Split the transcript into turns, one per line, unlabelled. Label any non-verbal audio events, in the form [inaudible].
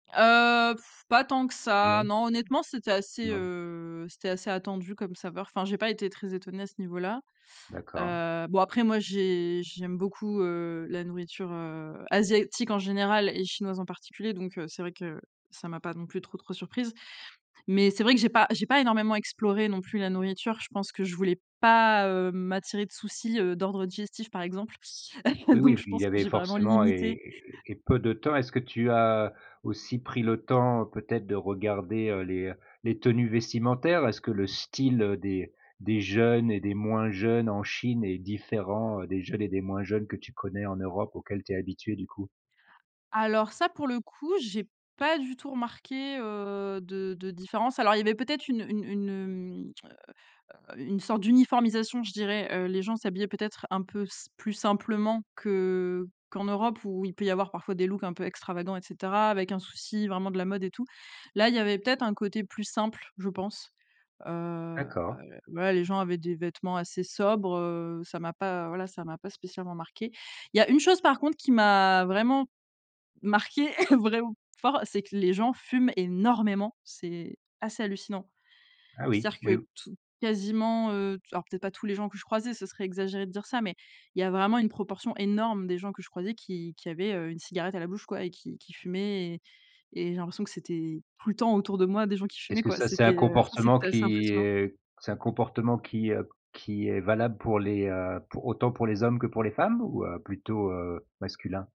Heu, [blows air] pas tant que ça,
Non.
non. Honnêtement, c'était assez,
Non.
heu, c'était assez attendu comme saveur. Enfin, j'ai pas été très étonnée, à ce niveau là.
D'accord.
Heu, bon après, moi, j'ai j'aime beaucoup, heu, la nourriture, heu, asiatique en général et chinoise en particulier, donc, heu, c'est vrai que, ça m'a pas non plus trop, trop surprise. Mais c'est vrai que j'ai pas j'ai pas énormément exploré non plus la nourriture. Je pense que je voulais pas, heu, m'attirer de soucis, heu, d'ordre digestif, par exemple.
Oui,
[chuckles] Donc
oui,
je
il
pense
y
que
avait
j'ai vraiment
forcément
limité
et et et peu de temps. Est-ce que tu as aussi pris le temps, peut-être, de regarder, heu, les heu, les tenues vestimentaires? Est-ce que le style des des jeunes et des moins jeunes en Chine est différent des jeunes et des moins jeunes que tu connais en Europe? Auxquels tu es habituée, du coup.
Alors ça, pour le coup, j'ai pas du tout remarqué, heu, de de différence. Alors, il y avait peut-être une une une, heu heu heu, une sorte d'uniformisation, je dirais. Heu, les gens s'habillaient, peut-être, un peu s plus simplement que qu'en Europe, où il peut y avoir parfois des looks un peu extravagants et cetera. Avec un souci, vraiment, de la mode et tout. Là, il y avait peut-être un côté plus simple, je pense. Heu, heu,
D'accord.
ouais, les gens avaient des vêtements assez sobres, heu, ça m'a pas, voilà, ça m'a pas spécialement marqué. Il y a une chose, par contre, qui m'a vraiment marqué, [laughs] vraiment fort, c'est que les gens fument énormément, c'est assez hallucinant.
Ah oui,
C'est-à-dire
oui,
que
ou
tou quasiment, heu, alors peut-être pas tous les gens que je croisais, ce serait exagéré de dire ça, mais il y a vraiment une proportion énorme des gens que je croisais, qui qui avaient, heu, une cigarette à la bouche quoi, et qui qui fumaient et et j'ai l'impression que c'était tout le temps autour de moi, des gens qui fumaient,
Est-ce que
quoi,
ça, c'est un
c'était heu, ça,
comportement
c'était assez
qui,
impressionnant.
heu c'est un comportement qui, heu, q qui est valable pour les heu pour autant pour les hommes que pour les femmes, ou plutôt, heu, masculin?